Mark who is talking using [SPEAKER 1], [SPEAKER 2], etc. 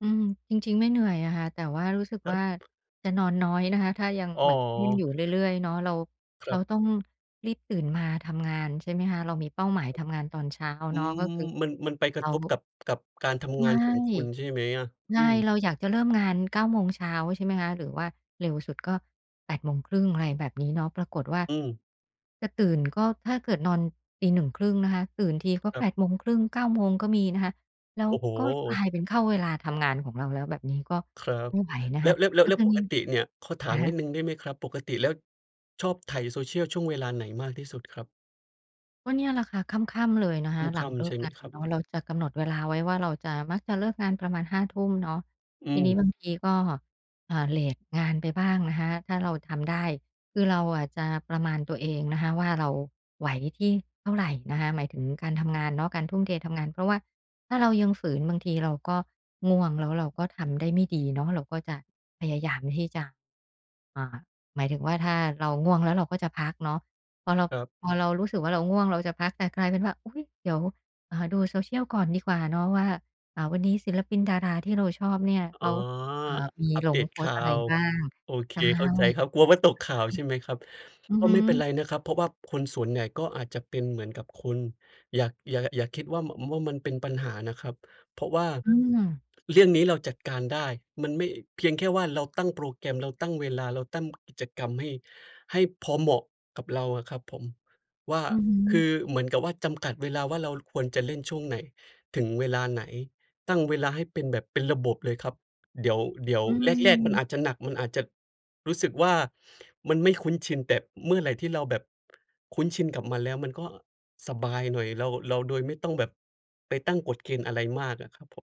[SPEAKER 1] อืม จริง ๆ ไม่เหนื่อยอะค่ะ แต่ว่ารู้สึก
[SPEAKER 2] คร
[SPEAKER 1] ว่า
[SPEAKER 2] ับ
[SPEAKER 1] จะนอนน้อยนะคะ ถ้ายัง
[SPEAKER 2] อ๋อ
[SPEAKER 1] แบบเล่น อยู่เรื่อย ๆ เนาะ เรา
[SPEAKER 2] ค
[SPEAKER 1] เร
[SPEAKER 2] ร
[SPEAKER 1] า
[SPEAKER 2] ับ
[SPEAKER 1] ต้องรีบตื่นมาทำงาน ใช่ไหมคะ เรามีเป้าหมายทำงานตอนเช้า
[SPEAKER 2] อื
[SPEAKER 1] เนาะ ก
[SPEAKER 2] ม
[SPEAKER 1] ็คือ
[SPEAKER 2] มัน มันไปก
[SPEAKER 1] เ
[SPEAKER 2] ร
[SPEAKER 1] ร
[SPEAKER 2] ะ
[SPEAKER 1] า
[SPEAKER 2] ทบกับ กับการท
[SPEAKER 1] ใช
[SPEAKER 2] ำงา
[SPEAKER 1] ่
[SPEAKER 2] นของคุณใช่ไหมอะ?
[SPEAKER 1] ใช
[SPEAKER 2] อื
[SPEAKER 1] ่
[SPEAKER 2] ม
[SPEAKER 1] เราอยากจะเริ่มงาน 9 โมงเช้า ใช่ไหมคะ หรือว่าเร็วสุดก็ 8 โมงครึ่ง อะไรแบบนี้เนาะ ปรากฏว่า
[SPEAKER 2] อืม
[SPEAKER 1] จะตื่น ก็ถ้าเกิดนอนตี 1 ครึ่ง นะคะ ตื่นทีก็
[SPEAKER 2] คร
[SPEAKER 1] แ
[SPEAKER 2] ั
[SPEAKER 1] ป
[SPEAKER 2] บ
[SPEAKER 1] ด โมงครึ่ง 9 โมง ก็มีนะคะ แล้ว
[SPEAKER 2] โอ้โฮ
[SPEAKER 1] ก็กลายเป็นเข้าเวลาทำงานของเราแล้ว แบบนี้ก็
[SPEAKER 2] ครับ
[SPEAKER 1] ไม่ไหวนะ
[SPEAKER 2] แล
[SPEAKER 1] ค
[SPEAKER 2] ้ว
[SPEAKER 1] ะ
[SPEAKER 2] แล้ว แล
[SPEAKER 1] แ
[SPEAKER 2] ้
[SPEAKER 1] ล
[SPEAKER 2] ว
[SPEAKER 1] ้
[SPEAKER 2] แ
[SPEAKER 1] ว
[SPEAKER 2] ล้
[SPEAKER 1] ต
[SPEAKER 2] ว
[SPEAKER 1] อน
[SPEAKER 2] ป
[SPEAKER 1] เย็
[SPEAKER 2] ก
[SPEAKER 1] น
[SPEAKER 2] ติเนี่ย ขอถ
[SPEAKER 1] อ
[SPEAKER 2] า
[SPEAKER 1] ะ
[SPEAKER 2] ม
[SPEAKER 1] ฮ
[SPEAKER 2] น
[SPEAKER 1] ะ
[SPEAKER 2] ิดหนึ่งได้ไหมครับ ปกติแล้วไถ Social ช่วงเวลาไหนมากที่สุดครับ?
[SPEAKER 1] ก็เนี่ยแหละคะ ค่ำ ๆ เลยนะคะ ห
[SPEAKER 2] ค
[SPEAKER 1] ลั
[SPEAKER 2] ่
[SPEAKER 1] งเ
[SPEAKER 2] ำ
[SPEAKER 1] ลิ
[SPEAKER 2] ๆ ใช
[SPEAKER 1] ก
[SPEAKER 2] ่ไ
[SPEAKER 1] ง
[SPEAKER 2] หม
[SPEAKER 1] าน
[SPEAKER 2] ครับ?
[SPEAKER 1] เนาะ เราจะกำหนดเวลาไว้ว่า เราจะ มักจะเลิกงานประมาณ 5 ทุ่มเนาะ
[SPEAKER 2] อื
[SPEAKER 1] ทีน
[SPEAKER 2] ม
[SPEAKER 1] ี้ บางทีก็ อ่า เลตงานไปบ้างนะคะ ถ้าเราทำได้ คือเราอะจะประมาณตัวเองนะคะว่า ราไหวที่เท่าไรนะคะ หมายถึงการทำงานเนาะ การทุ่มเททำงาน เพราะว่าถ้าเรายังฝืน บางทีเราก็ง่วง แล้วเราก็ทำได้ไม่ดีเนาะ เราก็จะพยายามที่จะ อ่า หมายถึงว่าถ้าเราง่วงแล้วเราก็จะพักเนาะ พอเรา
[SPEAKER 2] ครับ
[SPEAKER 1] พอเรารู้สึกว่าเราง่วงเราจะพัก แต่กลายเป็นว่า อุ๊ย เดี๋ยว อ่า ดู Social ก่อนดีกว่าเนาะว่า อ่า วันนี้ศิลปินดาราที่เราชอบเนี่ย
[SPEAKER 2] อ
[SPEAKER 1] เ
[SPEAKER 2] ๋
[SPEAKER 1] ข
[SPEAKER 2] อ
[SPEAKER 1] า อ่า
[SPEAKER 2] อ
[SPEAKER 1] มี
[SPEAKER 2] อัป
[SPEAKER 1] ล
[SPEAKER 2] เด
[SPEAKER 1] ง
[SPEAKER 2] ต
[SPEAKER 1] โพ
[SPEAKER 2] ข
[SPEAKER 1] ส
[SPEAKER 2] ่
[SPEAKER 1] ต
[SPEAKER 2] า
[SPEAKER 1] ์อะไร
[SPEAKER 2] ว
[SPEAKER 1] บ้าง
[SPEAKER 2] โอเค
[SPEAKER 1] ใช่ อะ
[SPEAKER 2] เข
[SPEAKER 1] ฮ
[SPEAKER 2] ้า
[SPEAKER 1] ะ
[SPEAKER 2] ใจครับ กลัวว่าตกข่าวใช่ไหมครับ
[SPEAKER 1] อือ
[SPEAKER 2] ก็
[SPEAKER 1] ฮ
[SPEAKER 2] ไม่เป็นไ
[SPEAKER 1] ึ
[SPEAKER 2] รนะครับ เพราะว่าคนส่วนใหญ่ก็อาจจะเป็นเหมือนกับคุณ อย่า อย่า อย่าคิดว่า ม ว่ามันเป็นปัญหานะครับ เพราะว่า
[SPEAKER 1] อืม
[SPEAKER 2] เรื่องนี้เราจัดการได้ มันไม่ เพียงแค่ว่าเราตั้งโปรแกรม เราตั้งเวลา เราตั้ง กิจกรรม ให้ ให้พอเหมาะกับเราอะครับผม ว่า
[SPEAKER 1] อือฮ
[SPEAKER 2] คือ
[SPEAKER 1] ึ
[SPEAKER 2] เหมือนกับว่าจำกัดเวลาว่าเราควรจะเล่นช่วงไหนถึงเวลาไหน ตั้งเวลาให้เป็นแบบ เป็นระบบเลยครับ เดี๋ยว เดี๋ยว
[SPEAKER 1] อ
[SPEAKER 2] แรก ๆ มัน
[SPEAKER 1] ืม
[SPEAKER 2] อาจจะหนัก มันอาจจะรู้สึกว่ามันไม่คุ้นชิน แต่เมื่อไรที่เราแบบ คุ้นชินกับมันแล้ว มันก็สบายหน่อย เรา เรา โดยไม่ต้องแบบไปตั้งกฎเกณฑ์อะไรมากอะครับผม